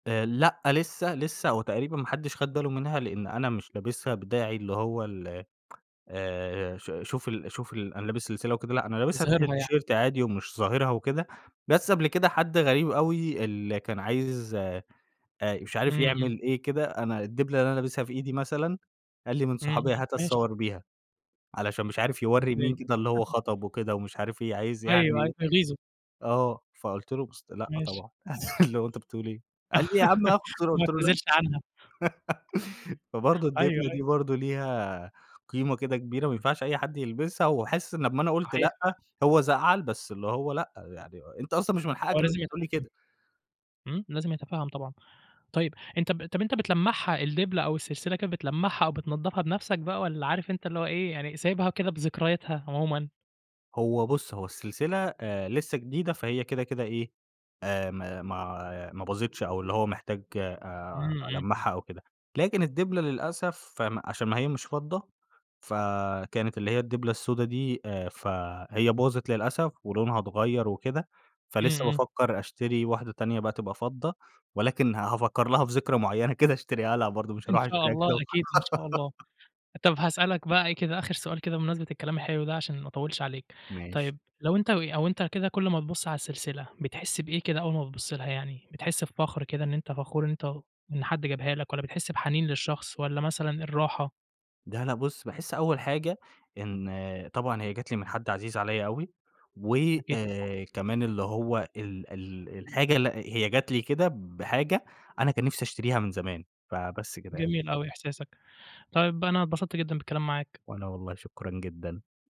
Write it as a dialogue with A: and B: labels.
A: آآ لأ لسه لسه هو تقريبًا ما حدّش خد باله منها، لأن أنا مش لابسها بداعي اللي هو ال آآ ش شوف ال شوف ال أنا لابس سلسلة وكده. لأ أنا لابسها تحت
B: تظهرها يعني.
A: التيشيرت عادي ومش ظاهرها وكده، بس قبل كده حد غريب أوي اللي كان عايز آآ مش
B: إمم
A: عارف
B: إمم.
A: يعمل إيه كده، أنا الدبلة اللي أنا لابسها في إيدي مثلًا، قال لي من
B: إمم إمم.
A: صُحابي "هات
B: ماشي.
A: أتصور بيها" علشان مش عارف يوّري مين
B: إزاي؟
A: كده اللي هو خطب وكده ومش عارف إيه، عايز
B: أيوه عايز
A: يعني
B: يغيظه.
A: آه فقُلت له بُصّ "لأ
B: ماشي.
A: طبعًا، اللي هو أنت بتقول إيه؟" قال لي: "يا عم هاخُد صورة،"
B: وما
A: قُلت له: "لأ."
B: اتنازلش عنها.
A: فبرضه
B: أيوه
A: الدبلة
B: أيوه.
A: دي برضه ليها قيمة كده كبيرة ما ينفعش أي حد يلبسها، وحاسس إن لما أنا قُلت
B: صحيح
A: لأ،
B: فعلًا.
A: هو زعل بس اللي هو لأ يعني أنت أصلًا مش من
B: هو
A: حقك إن
B: لازم
A: أنت تقول لي
B: يتفَهم.
A: كده!
B: إمم، لازم يتفَهم طبعًا. طيب أنت ب طَب أنت بتلَمّعها الدبلة أو السلسلة كده بتلَمّعها أو بتنضفها بنفسك بقى، والّا عارف أنت اللي هو إيه يعني سايبها وكده بذكرياتها عمومًا؟
A: هو بُصّ هو السلسلة آآ لسه جديدة فهي كده كده إيه، آآ، ما ما ما باظتش أو اللي هو محتاج آآ
B: إمم إمم.
A: ألمّعها أو كده، لكن الدبلة للأسف فم عشان ما هي مش فضة ف كانت اللي هي الدبلة السودة دي، آآ، فهي باظِت للأسف ولونها اتغَيّر وكده.
B: إمم
A: فلِسّه
B: إمم.
A: بافكر أشتري واحدة تانية بقى تبقى فضة، ولكن ه هافَكّر لها في ذكرى معينة كده أشتريها لها برضه مش
B: إن
A: هاروح
B: شاء
A: أشتريها
B: الله
A: كده وخ
B: أكيد إن شاء الله. طب هاسألك بقى إيه كده آخر سؤال كده بمناسبة الكلام الحلو ده عشان ما أطوّلش عليك،
A: ماشي.
B: طيب لو أنت و أو أنت كده كل ما تبُص على السلسلة بتحس بإيه كده أول ما بتبُص لها يعني، بتحس بفخر كده إن أنت فخور إن أنت واخ إن حد جابها لك والّا بتحس بحنين للشخص والّا مثلًا الراحة؟
A: لا لا بُصّ، باحس أول حاجة إن طبعًا هي جات لي من حد عزيز عليَّ أوي و
B: أكيد طبعًا.
A: آآ، كمان اللي هو ال ال الحاجة لأ هي جات لي كده بحاجة أنا كان نفسي أشتريها من زمان. فبس كده يعني.
B: جميل أوي إحساسك، طيب أنا اتبسطت جدًا بالكلام معاك.
A: وأنا والله شكرًا جدًا.